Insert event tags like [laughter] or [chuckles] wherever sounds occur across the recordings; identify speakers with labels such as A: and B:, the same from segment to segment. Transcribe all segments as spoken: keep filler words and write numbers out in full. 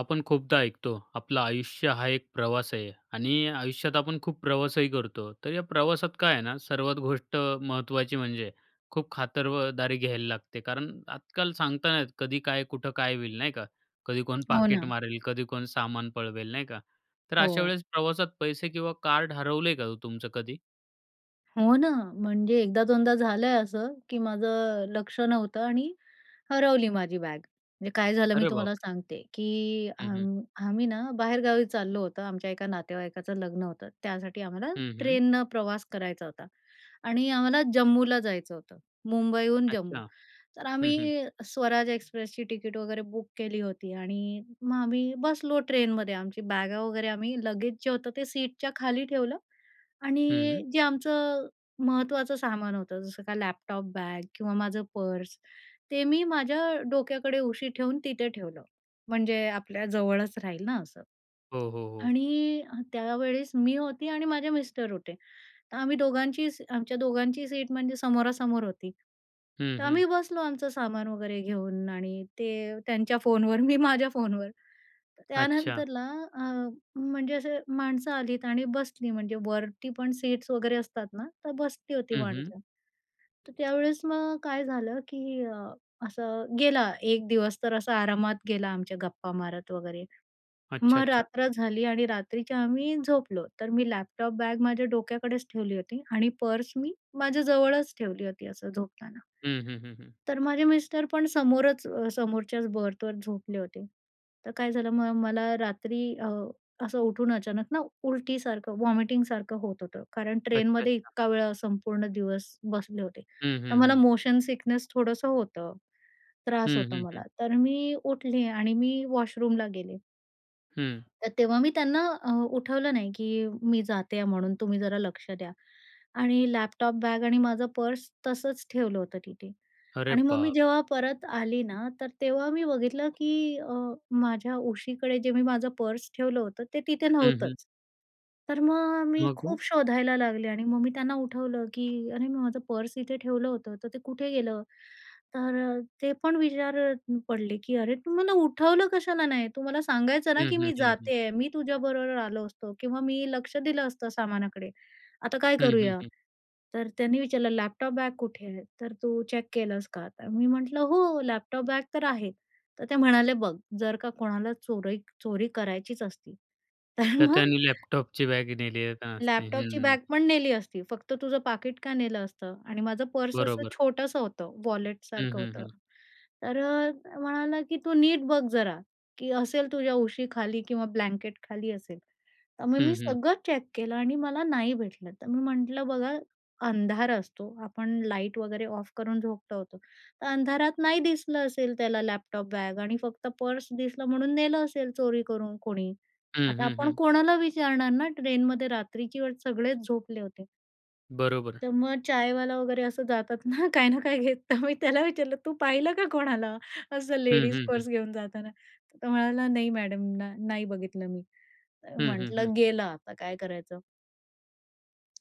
A: आपण खूपदा ऐकतो, आपलं आयुष्य हा एक प्रवास आहे आणि आयुष्यात आपण खूप प्रवासही करतो, तर या प्रवासात काय आहे ना सर्वात गोष्ट महत्त्वाची म्हणजे, खूप खातर व दारी घ्यायला लागते कारण आजकाल सांगता नाही येत. कधी काय, कुठं काय, होईल, नाही का? कधी कोण
B: हो
A: पाकीट
B: ना.
A: मारेल? कधी कोण सामान पळवेल, नाही का? तर अशा
B: हो.
A: वेळेस प्रवासात पैसे किंवा कार्ड हरवलयं का हो तुमचं कधी?
B: हो ना, म्हणजे एकदा दोनदा झालंय असं की माझं अ, लक्ष नव्हतं आणि हरवली माझी बॅग. म्हणजे काय झालं मी
A: अरे
B: तुम्हाला
A: बापरे!
B: सांगते की अ,
A: हं, हं.
B: आम्ही ना, बाहेरगावी चाललो होतो आमच्या एका नातेवाईकाचं लग्न होतं, त्यासाठी आम्हाला
A: हं, हं.
B: ट्रेननं प्रवास करायचा होता आणि आम्हाला जम्मूला जायचं होतं. मुंबईहून जम्मू.
A: अच्छा.
B: तर
A: हं, हं.
B: आम्ही स्वराज एक्सप्रेसची तिकीट वगैरे बुक केली होती आणि मग आम्ही बसलो ट्रेनमध्ये आमची बॅगा वगैरे आम्ही लगेच जे होतं ते सीटच्या खाली ठेवलं आणि
A: हं.
B: जे आमचं महत्त्वाचं सामान होतं, जसं का लॅपटॉप, बॅग किंवा माझं पर्स, ते मी माझ्या डोक्याकडे उशी ठेवून तिथे ठेवलं, म्हणजे आपल्या जवळच राहील ना असं
A: हो, हो, हो.
B: आणि अ त्यावेळेस मी होती आणि माझे मिस्टर होते. तर आम्ही दोघांची स आमच्या दोघांची सीट म्हणजे समोरासमोर होती.
A: हं,
B: तर
A: हं.
B: आम्ही बसलो आमचं सामान वगैरे घेऊन आणि ते त्यांच्या फोनवर मी माझ्या फोनवर. तर
A: अच्छा.
B: त्यानंतरला अ, म्हणजे असे माणसं आलीत आणि बसली म्हणजे वरती पण सीट्स वगैरे असतात ना, तर बसली होती
A: हं, हं.
B: माणसं. तर त्यावेळेस मग काय झालं की अ, असं गेला एक दिवस तर असा आरामात गेला आमच्या गप्पा मारत वगैरे.
A: अच्छा,
B: मग
A: अच्छा.
B: रात्र झाली आणि रात्रीच्या आम्ही झोपलो. तर मी लॅपटॉप बॅग माझ्या डोक्याकडेच ठेवली होती आणि पर्स मी माझ्याजवळच ठेवली होती असं झोपताना.
A: हं, हं, हं, हं.
B: तर माझे मिस्टर पण समोरच अ, समोरच्याच बर्थवर झोपले होते. तर काय झालं मग मला रात्री अ, असं उठून अचानक ना उलटीसारखं वॉमिटिंगसारखं होत होतं. कारण
A: अच्छा,
B: ट्रेनमध्ये
A: अच्छा.
B: इतका वेळा संपूर्ण दिवस बसले होते.
A: हं,
B: तर
A: हं,
B: मला
A: हं.
B: मोशन सिकनेस थोडंसं होतं. त्रास
A: हं,
B: होतो
A: हं,
B: मला,
A: हं.
B: तर मी उठले आणि मी वॉशरूमला गेले.
A: हं.
B: तर तेव्हा मी त्यांना अ, उठवलं नाही की मी जाते म्हणून तुम्ही जरा लक्ष द्या आणि लॅपटॉप बॅग आणि माझं पर्स तसंच ठेवलं होतं तिथे
A: अरे
B: आणि मग मी
A: बापरे!
B: जेव्हा परत आली ना, तर तेव्हा मी बघितलं की अ, माझ्या उशीकडे जे मी माझं पर्स ठेवलं होतं, ते तिथे
A: हं, हं.
B: नव्हतंच. तर मग मी
A: मग हो?
B: खूप शोधायला लागले आणि मग मी त्यांना उठवलं की "अरे, मी माझं पर्स इथे ठेवलं होतं तर ते कुठे गेलं?" तर अ, ते पण विचारत पडले की "अरे! तू मला उठवलं कशाला नाही? तू मला सांगायचं ना,
A: हं,
B: की
A: हं,
B: मी
A: हं, हं.
B: जाते, मी तुझ्याबरोबर आलो असतो किंवा मी लक्ष दिलं असतं सामानाकडे. आता काय
A: हं, हं,
B: करूया?"
A: हं.
B: तर त्यांनी विचारलं, "लॅपटॉप बॅग कुठे आहे? तर तू चेक केलंस का?' तर मी म्हटलं, "हो, लॅपटॉप बॅग तर आहे." तर ते म्हणाले, "बघ, जर का कोणाला चोरी चोरी करायचीच असती, तर
A: तर
B: मग
A: त्याने लॅपटॉपची बॅग नेली का असती. हं,
B: लॅपटॉपची
A: हं.
B: बॅगपण नेली असती, फक्त तुझं पाकीट का नेलं असतं?" आणि माझं पर्स असं
A: बरोबर.
B: छोटंसं होतं,
A: हं,
B: वॉलेटसारखं
A: हं,
B: होतं.
A: हं.
B: तर अ, तो म्हणाला, की "तू नीट बघ जरा, की असेल तुझ्या उशीखाली किंवा ब्लँकेटखाली असेल." तर मग
A: हं,
B: मी
A: हं.
B: सगळं चेक केलं आणि मला नाही भेटलं. तर मी म्हटलं, "बघा अंधार असतो, आपण लाईट वगैरे ऑफ करून झोपलो होतो तर अंधारात नाही दिसलं असेल, त्याला लॅपटॉप बॅग आणि फक्त पर्स दिसलं म्हणून नेलं असेल चोरी करून कोणी."
A: हं,
B: आता
A: हं,
B: आपण
A: हं.
B: कोणाला विचारणार ना, ट्रेनमध्ये रात्रीची वेळ सगळेच झोपले होते.
A: बरोबर.
B: तर मग चायवाला वगैरे असं जातात ना काय ना काय घेत, तर मी त्याला विचारलं, "तू पाहिलं का कोणाला असं
A: हं,
B: लेडीज
A: हं, हं.
B: पर्स घेऊन जाताना?" तर तो म्हणाला, "नाही मॅडम, ना नाही बघितलं मी,"
A: हं, हं, हं.
B: म्हटलं गेलं, आता काय करायचं?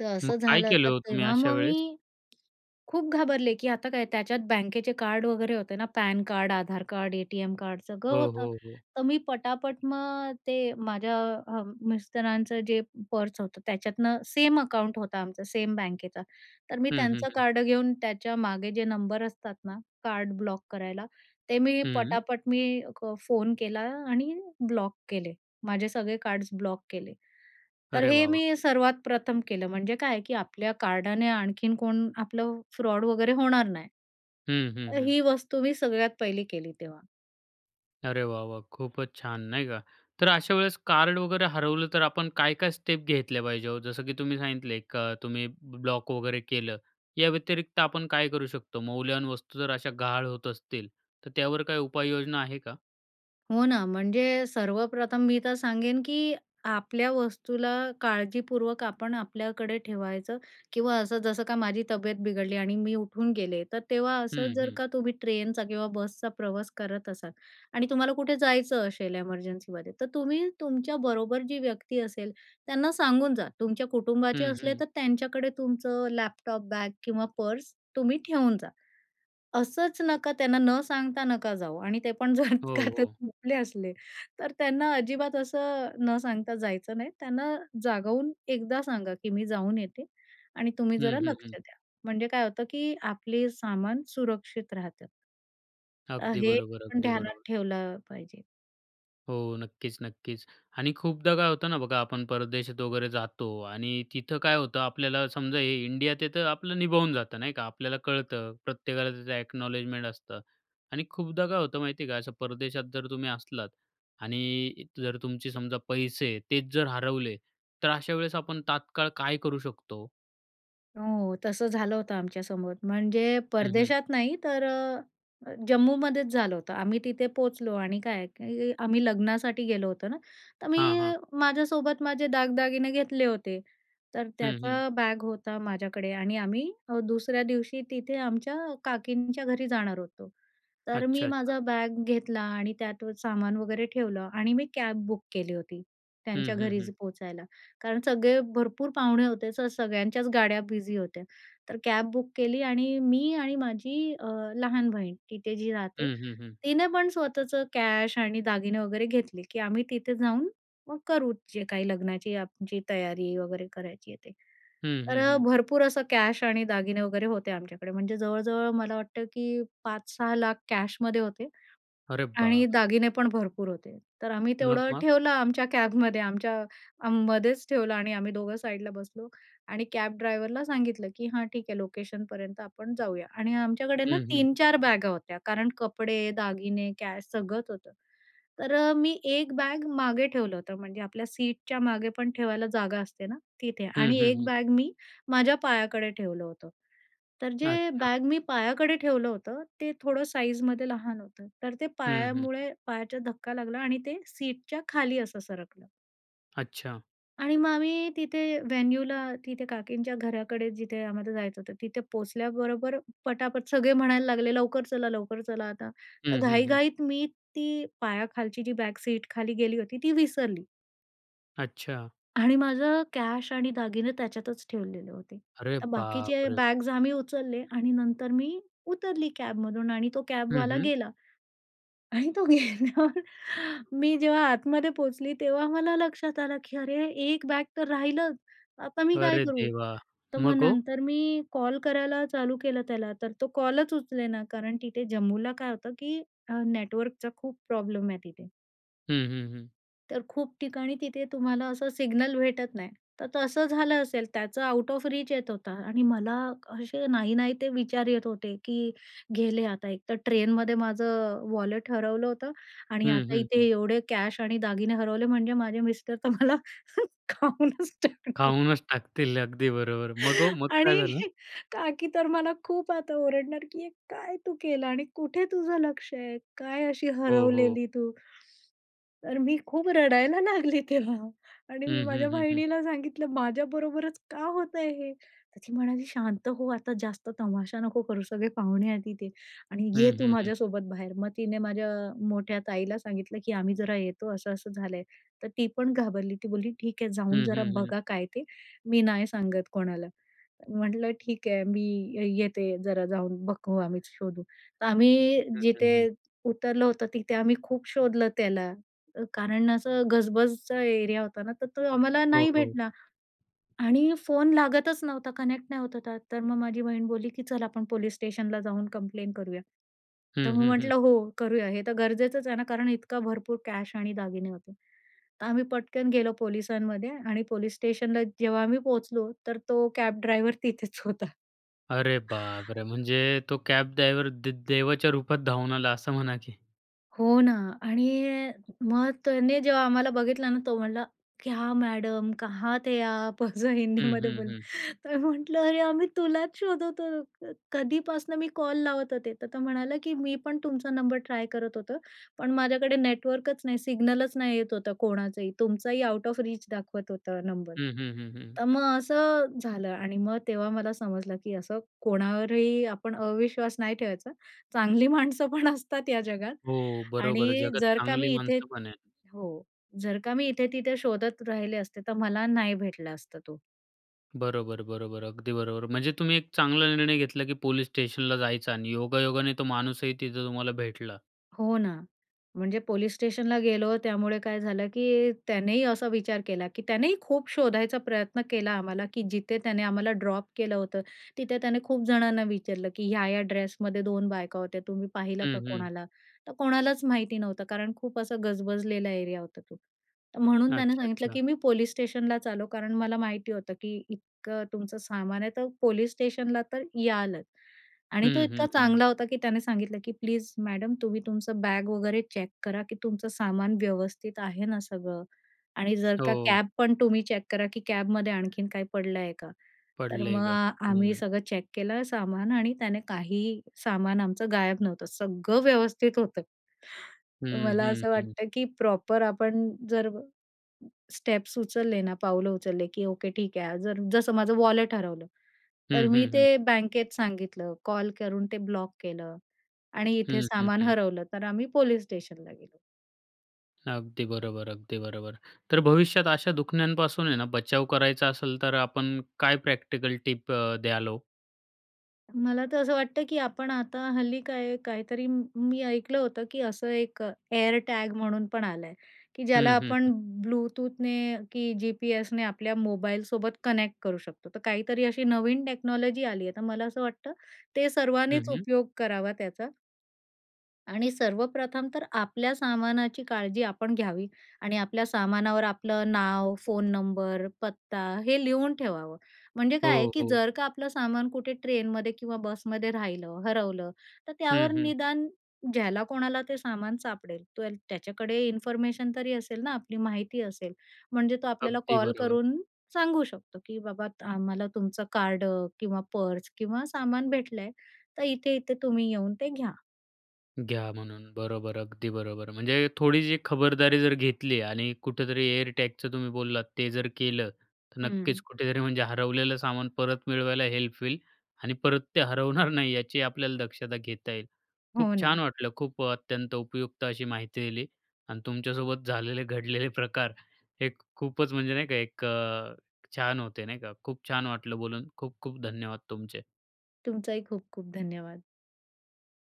B: तर
A: मग
B: असं
A: काय
B: झालं,
A: केलं
B: तर
A: हो तुम्ही
B: तेव्हा
A: अशा
B: मग
A: वेळेस?
B: मी खूप घाबरले की आता काय? त्याच्यात बँकेचे कार्ड वगैरे होते ना, PAN card, Aadhaar card, ATM card, सगळं
A: हो,
B: होतं.
A: हो, हो.
B: तर मी पटापट मग ते माझ्या अ, मिस्टरांचं जे पर्स होतं, त्याच्यातनं सेम अकाऊंट होतं आमचं, सेम बँकेचं, तर मी
A: हं, हं,
B: त्यांचं
A: हं.
B: कार्ड घेऊन त्याच्या मागे जे नंबर असतात ना कार्ड ब्लॉक करायला, ते मी
A: हं.
B: पटापट मी क फोन केला आणि ब्लॉक केले. माझे सगळे कार्ड्स ब्लॉक केले. तर
A: अरे
B: हे
A: वाह, वाह!
B: मी सर्वात प्रथम केलं, म्हणजे काय की आपल्या कार्डाने आणखीन कोण आपलं फ्रॉड वगैरे होणार नाही.
A: हं, हं, हं.
B: ही वस्तू मी सगळ्यात पहिली केली तेव्हा.
A: अरे वाह, वाह! खूपच छान, नाही का? तर अशा वेळेस कार्ड वगैरे हरवलं, तर आपण काय-काय स्टेप घेतल्या पाहिजेत हो? जसं की तुम्ही सांगितलं एक अ, तुम्ही ब्लॉक वगैरे केलं, याव्यतिरिक्त आपण काय करू शकतो? मौल्यवान वस्तू जर अशा गहाळ होत असतील, तर त्यावर काही उपाययोजना आहे का?
B: हो ना. म्हणजे सर्वप्रथम मी तर सांगेन, की आपल्या वस्तूला काळजीपूर्वक आपण आपल्याकडे ठेवायचं किंवा असं, जसं का माझी तब्येत बिघडली आणि मी उठून गेले. तर तेव्हा असं
A: हं,
B: जर
A: हं.
B: का तुम्ही ट्रेनचा किंवा बसचा प्रवास करत असाल आणि तुम्हाला कुठे जायचं असेल एमर्जन्सीमध्ये तर तुम्ही तुमच्याबरोबर जी व्यक्ती असेल त्यांना सांगूनजा. तुमच्या कुटुंबाचे
A: हं,
B: असले
A: हं.
B: तर त्यांच्याकडे तुमचं लॅपटॉप बॅग किंवा पर्स तुम्ही ठेवून जा. असंच नका, त्यांना न सांगता नका जाऊ आणि ते पण जर
A: हो,
B: का
A: हो.
B: झोपले ते असले, तर त्यांना अजिबात असं न सांगता जायचं नाही. त्यांना जागवून एकदा सांगा, की मी जाऊन येते आणि तुम्ही
A: हं,
B: जरा
A: हं,
B: लक्ष
A: हं.
B: द्या. म्हणजे काय होतं, की आपले सामान सुरक्षित राहतात. अ,
A: अगदी
B: हे
A: बरोबर,
B: पण
A: अगदी
B: ध्यानात
A: बरोबर.
B: ठेवलं पाहिजे.
A: हो. नक्कीच, नक्कीच. आणि खूपदा काय होतं ना बघा, आपण परदेशात वगैरे जातो आणि तिथं काय होतं, आपल्याला समजा हे इंडियात आहे, तर आपलं निभावून जातं नाही का. आपल्याला कळतं, प्रत्येकाला त्याचं ॲक्नॉलेजमेंट असतं. आणि खूपदा काय होतं माहिती आहे का? असं परदेशात जर तुम्ही असलात आणि जर तुमचे समजा पैसे तेच जर हरवले, तर अशा वेळेस आपण तात्काळ काय करू शकतो?
B: हो, तसं झालं होतं आमच्यासोबत म्हणजे
A: हं, हं.
B: परदेशात नाही तर अ, अ, जम्मूमध्येच झालं होतं. आम्ही तिथे पोहोचलो आणि काय आहे की आम्ही लग्नासाठी गेलो होतो ना, तर मी
A: हां, हां.
B: माझ्यासोबत माझे दागदागिने घेतले होते. तर
A: हं, हं.
B: त्याचा बॅग होता माझ्याकडे आणि आम्ही अ, दुसऱ्या दिवशी तिथे आमच्या अ, काकींच्या घरी जाणार होतो. तर मी
A: अच्छा, अच्छा.
B: माझा बॅग घेतला आणि त्यातू सामान वगैरे ठेवलं आणि मी कॅब बुक केली होती, त्यांच्या
A: हं, हं,
B: घरी
A: हं.
B: ज पोहचायला. कारण सगळे भरपूर पाहुणे होते, तर सगळ्यांच्याच गाड्या बिझी होत्या. तर कॅब बुक केली आणि मी आणि माझी अ, लहान बहीण तिथे जी राहते,
A: हं, हं, हं.
B: तिनं पण स्वतःचं कॅश आणि दागिने वगैरे घेतले, की आम्ही तिथे जाऊन मग करू, जे काही लग्नाची आमची तयारी आहे वगैरे करायची आहे ते.
A: हं,
B: तर
A: हं,
B: अ,
A: हं.
B: भरपूर असं कॅश आणि दागिने वगैरे होते आमच्याकडे, म्हणजे जवळ-जवळ मला वाटतं, की पाच सहा लाख कॅशमध्ये होते.
A: अरे
B: आणि
A: बापरे!
B: दागिने पण भरपूर होते. तर आम्ही
A: मग,
B: तेवढं
A: मग?
B: ठेवलं आमच्या कॅबमध्ये आमच्या अ, मध्येच ठेवलं आणि आम्ही दोघं साईडला बसलो. आणि कॅब ड्रायव्हरला सांगितलं की हां, ठीक आहे लोकेशनपर्यंत आपण जाऊया. आणि आमच्याकडे ना
A: हं, हं.
B: तीन चार बॅगा होत्या, कारण कपडे, दागिने, कॅश सगळंच होतं. तर अ, मी एक बॅग मागे ठेवलं होतं, म्हणजे आपल्या सीटच्यामागे पण ठेवायला जागा असते ना, तिथे.
A: हं,
B: आणि
A: हं,
B: एक
A: हं.
B: बॅग मी माझ्या पायाकडे ठेवलं होतं. तर जे
A: अच्छा.
B: बॅग मी पायाकडे ठेवलं होतं ते थोडं साईजमध्ये लहान होतं, तर ते
A: हं, हं.
B: पायामुळे पायाचा धक्का लागला आणि ते सीटच्याखाली असं सरकलं.
A: अच्छा.
B: आणि मग आम्ही तिथे व्हेन्यूला, तिथे काकींच्या घराकडे जिथे आम्हा जायचं होतं. तिथे पोचल्याबरोबर पटापट सगळे म्हणायला लागले, "लवकर चला, लवकर चला," आता तर
A: हं, हं, हं.
B: घाईघाईत मी ती पायाखालची जी बॅक सीट खाली गेली होती ती विसरली.
A: अच्छा.
B: आणि माझं कॅश आणि दागिने त्याच्यातच ठेवलेले होते.
A: अरे,
B: तर
A: बाप
B: बाकीचे
A: रे!
B: बॅग्स आम्ही उचलले आणि नंतर मी उतरली कॅबमधून आणि तो
A: हं,
B: कॅबवाला
A: हं.
B: गेला. आणि तो गेल्यावर [chuckles] मी जेव्हा आतमध्ये पोचली, तेव्हा मला लक्षात आलं, की "अरे, एक बॅग तर राहिलंच, आता मी काय
A: अरे,
B: करू?"
A: देवा!
B: तर मग
A: मग ओ?
B: नंतर मी कॉल करायला चालू केलं त्याला तर तो कॉलच उचलेना. कारण तिथे जम्मूला काय होतं की अ, नेटवर्कचा खूप प्रॉब्लेम आहे तिथे.
A: हं, हं, हं.
B: तर खूप ठिकाणी तिथे तुम्हाला असं सिग्नल भेटत नाही. तर तसं झालं असेल, त्याचं आउट ऑफ रीच येत होता. आणि मला असे नाही, नाही ते विचार येत होते, की गेले आता एकतर ट्रेनमध्ये माझं वॉलेट हरवलं होतं आणि
A: हं,
B: आता
A: हं,
B: इथे
A: हं.
B: एवढे कॅश आणि दागिने हरवले, म्हणजे माझे मिस्टर तर मला [chuckles] खाऊनच टाकणार. [laughs]
A: खाऊनच टाकतील अगदी बरोबर. मग ओ
B: [chuckles]
A: मग
B: आणि
A: काय झालं?
B: का की तर मला खूप आता ओरडणार, की काय तू केलं आणि कुठे तुझं लक्ष आहे? काय अशी
A: हो, हो.
B: हरवलेली तू? तर मी खूप रडायला लागली तेव्हा आणि मी
A: हं, हं,
B: माझ्या
A: हं, हं.
B: बहिणीला सांगितलं. माझ्याबरोबरच का होतंय हे? तर ती म्हणाली, "शांत हो, आता जास्त तमाशा नको करू, सगळे पाहुणे आहेत तिथे आणि
A: हं,
B: ये तू
A: हं, हं.
B: माझ्यासोबत बाहेर." मग तिने माझ्या मोठ्या ताईला सांगितलं, की "आम्ही जरा येतो, असं, असं झालंय." तर ती पण घाबरली. ती बोलली, "ठीक आहे, जाऊन
A: हं,
B: जरा
A: हं, हं.
B: बघा काय ते, मी नाही सांगत कोणाला." म्हटलं, "ठीक आहे, मी ये येते जरा जाऊन, बघू आम्ही शोधू." तर आम्ही
A: हं. हं,
B: जिथे
A: हं.
B: उतरलं होतं, तिथे आम्ही खूप शोधलं त्याला. अ, कारण असं गजबजचा एरिया होता ना, तर तो आम्हाला
A: हो,
B: नाही
A: हो.
B: भेटला. आणि फोन लागतच नव्हता. कनेक्ट नाही होत होता. तर मग माझी बहीण बोलली की "चल आपण पोलिस स्टेशनला जाऊन कम्प्लेन्ट करूया. तर
A: हं,
B: मग
A: हं, हं.
B: म्हटलं, "हो करूया." हे तर गरजेचंच आहे ना, कारण इतका भरपूर कॅश आणि दागिने होते. तर आम्ही पटकन गेलो पोलिसांमध्ये आणि पोलिस स्टेशनला जेव्हा आम्ही पोहोचलो तर तो कॅब ड्रायव्हर तिथेच होता.
A: अरे, बापरे!
B: [chuckles]
A: म्हणजे, तो कॅब ड्रायव्हर दे देवाच्या रूपात धावून आला असं म्हणा की.
B: हो ना आणि मग त्याने जेव्हा आम्हाला बघितला ना, तो म्हणला क्या मॅडम कहाँ थे आप. असं
A: हं,
B: हिंदीमध्ये
A: हं,
B: बोलला,
A: हं.
B: तर म्हटलं, "अरे, आम्ही तुलाच शोधत होतो, कधीपासनं मी कॉल लावत होते." तर तो म्हणाला की "मी पण तुमचा नंबर ट्राय करत होतो, पण माझ्याकडे नेटवर्कच नाही, सिग्नलच नाही येत होतं कोणाचंही, तुमचाही आउट ऑफ रीच दाखवत होतं नंबर."
A: हं, हं, हं, हं.
B: तर मग असं झालं आणि मग तेव्हा मला समजलं की असं कोणावरही आपण अविश्वास नाही ठेवायचा. चांगली माणसं पण असतात या जगात
A: हो, बरोबर आहे.
B: आणि
A: जगात
B: जर का
A: चांगली
B: मी इथे
A: माणसंपण आहेत.
B: हो. जर का मी इथे-तिथे शोधत राहिले असते, तर मला नाही भेटला असता तो.
A: बरोबर, बरोबर, अगदी बरोबर. म्हणजे तुम्ही एक चांगला निर्णय घेतला, की पोलिस स्टेशनला जायचा आणि योगायोगाने तो माणूसही तिथं तुम्हाला भेटला.
B: हो ना, म्हणजे पोलीस स्टेशनला गेलो. त्यामुळे काय झालं, की अ, त्यानेही असा विचार केला, की त्यानेही खूप शोधायचा प्रयत्न केला आम्हाला. की जिथे त्याने आम्हाला ड्रॉप केलं होतं. तिथे त्याने खूप जणांना विचारलं, की "ह्या-ह्या ड्रेसमध्ये दोन बायका होत्या, तुम्ही पाहिलं का
A: हं, हं.
B: कोणाला?" तर कोणालाच माहिती नव्हतं कारण खूप असा गजबजलेला एरिया होता तो. तर म्हणून त्यानं
A: अच्छा,
B: सांगितलं,
A: अच्छा.
B: की "मी पोलीस स्टेशनला चाललो, कारण मला माहिती होतं, की इतकं तुमचं सामान आहे तर पोलीस स्टेशनला तर यालच." आणि तो
A: हं,
B: इतका
A: हं, हं.
B: चांगला होता, की त्याने सांगितलं, की "प्लीज मॅडम तुम्ही तुमचं बॅग वगैरे चेक करा, की तुमचं सामान व्यवस्थित आहे ना सगळं आणि जर का
A: हो.
B: कॅब पण तुम्ही चेक करा, की कॅबमध्ये आणखीन काही पडलं आहे का?" तर
A: पडलं आहे
B: मग
A: का?
B: आम्ही
A: हं
B: सगळं चेक केलं सामान आणि त्याने काहीही सामान आमचं गायब नव्हतं. सगळं व्यवस्थित होतं.
A: हं,
B: मला
A: हं,
B: असं
A: हं.
B: वाटतं, की प्रॉपर आपण जर स्टेप्स उचलले ना, पाऊलं उचलले, की ओके ठीक आहे. जर जसं माझं वॉलेट हरवलं. तर
A: हं,
B: मी
A: हं, हं.
B: ते बँकेत सांगितलं, कॉल करून ते ब्लॉक केलं आणि इथे
A: हं, हं,
B: सामान
A: हं.
B: हरवलं, तर आम्ही पोलीस स्टेशनला गेलो.
A: अगदी बरोबर, अगदी बरोबर. तर भविष्यात अशा दुखन्यांपासून आहे ना, बचाव करायचा असेल तर आपण काय प्रॅक्टिकल टिप द्याल हो?
B: मला तर असं वाटतं, की आपण आता हल्ली काय काहीतरी मी ऐकलं होतं, की असं एक एअर टॅग म्हणून पण आला आहे, की ज्याला
A: हं, हं, हं.
B: आपण ब्लूटूथने की जी-पी-एसने आपल्या मोबाईलसोबत कनेक्ट करू शकतो. तर काहीतरी अशी नवीन टेक्नॉलॉजी आली आहे. तर मला असं वाटतं ते सर्वांनीच
A: हं, हं.
B: उपयोग करावा त्याचा. आणि सर्वप्रथम तर आपल्या सामानाची काळजी आपण घ्यावी आणि आपल्या सामानावर आपलं नाव, फोन नंबर, पत्ता हे लिहून ठेवावं. म्हणजे काय आहे,
A: हो,
B: की
A: हो.
B: जर का आपलं सामान कुठे ट्रेनमध्ये किंवा बसमध्ये राहिलं, हरवलं. तर
A: हं,
B: त्यावर
A: हं.
B: निदान ज्याला कोणाला ते सामान सापडेल, तो अ‍ॅ त्याच्याकडे इन्फॉर्मेशन तरी असेल ना आपली माहिती असेल. म्हणजे तो आपल्याला
A: अगदी
B: कॉल
A: बरोबर.
B: करून सांगू शकतो, की बाबा आम्हाला तुमचं कार्ड किंवा पर्स किंवा सामान भेटलंय. तर इथे-इथे तुम्ही येऊन ते घ्या.
A: घ्या म्हणून, बरोबर अगदी बरोबर. म्हणजे थोडीशी खबरदारी जर घेतली आणि कुठेतरी एअरटॅगचं तुम्ही बोललात ते जर केलं. तर नक्कीच
B: हं.
A: कुठेतरी म्हणजे हरवलेलं सामान परत मिळवायला हेल्प होईल आणि परत ते हरवणार नाही याची आपल्याला दक्षता घेता येईल. खूप
B: हो
A: छान
B: ना.
A: वाटलं, खूप अत्यंत उपयुक्त अशी माहिती दिली आणि तुमच्यासोबत झालेले घडलेले प्रकार हे खूपच म्हणजे, नाही का एक अ, छान होते नाही का? खूप छान वाटलं बोलून खूप-खूप धन्यवाद तुमचे.
B: तुमचाही खूप-खूप धन्यवाद!